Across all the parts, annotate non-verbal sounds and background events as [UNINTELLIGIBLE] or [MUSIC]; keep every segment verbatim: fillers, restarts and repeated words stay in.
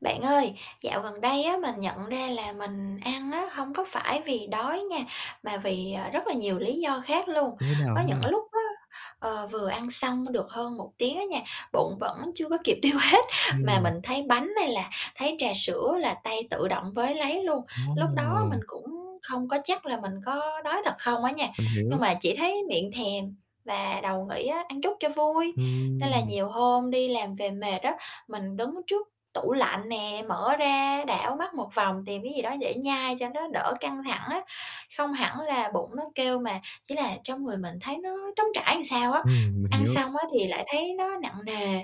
Bạn ơi, dạo gần đây á, mình nhận ra là mình ăn á hông có phải vì đói nha mà vì, à, rất là nhiều lý do khác luôn. Như thế nào Có [UNINTELLIGIBLE] những ha? lúc á, ờ, vừa ăn xong [UNINTELLIGIBLE] được hơn một tiếng á nha, bụng vẫn chưa có kịp tiêu hết, mà Ừm. mình thấy bánh hay là thấy trà sữa là tay tự động với lấy luôn. Lúc đó Ồ. mình cũng không có chắc là mình có đói thật không á nha Mình hiểu. nhưng mà chỉ thấy miệng thèm và đầu nghĩ á: "Ăn chút cho vui." Nên là Ừm. nhiều hôm đi làm về mệt á, mình đứng trước tủ lạnh nè, mở ra đảo mắt một vòng, tìm cái gì đó để nhai cho nó đỡ căng thẳng á, không hẳn là bụng nó kêu mà chỉ là trong người mình thấy nó trống trải sao á. Ừm, mình Ăn hiểu. xong á, thì lại thấy nó nặng nề,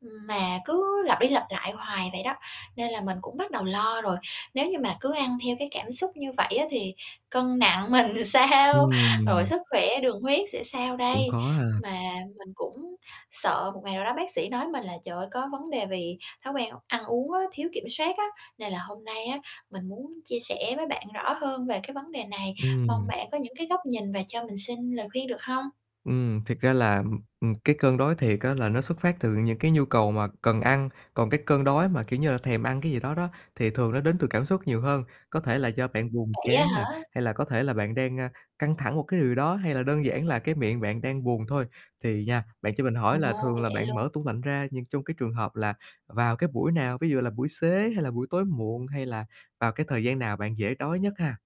ừm, mà cứ lặp đi lặp lại hoài vậy đó, nên là mình cũng bắt đầu lo rồi, nếu như mà cứ ăn theo cái cảm xúc như vậy á, thì cân nặng mình sao? Rồi Ừm. sức khỏe đường huyết sẽ sao Cũng đây? khó ha. Mà mình cũng sợ một ngày nào đó bác sĩ nói mình là trời ơi, có vấn đề vì thói quen ăn uống á, thiếu kiểm soát á. Nên là hôm nay á, mình muốn chia sẻ với bạn rõ hơn về cái vấn đề này, mong Ừm. bạn có những cái góc nhìn và cho mình xin lời khuyên được hông? Ừm, thiệt ra là, ừm, ừm, cái cơn đói thiệt á là nó xuất phát từ những cái nhu cầu mà cần ăn, còn cái cơn đói mà, kiểu như là, thèm ăn cái gì đó đó, thì thường nó đến từ cảm xúc nhiều hơn. Có thể là do bạn buồn Vậy á chán hả? nè, hay là có thể là bạn đang, a, căng thẳng một cái điều đó hay là đơn giản là cái miệng bạn đang buồn thôi. Thì nha, bạn cho mình Ồ, hỏi là thường là vậy bạn luôn. mở tủ lạnh ra nhưng trong cái trường hợp là vào cái buổi nào? Ví dụ như là buổi xế hay là buổi tối muộn? Hay là vào cái thời gian nào bạn dễ đói nhất ha?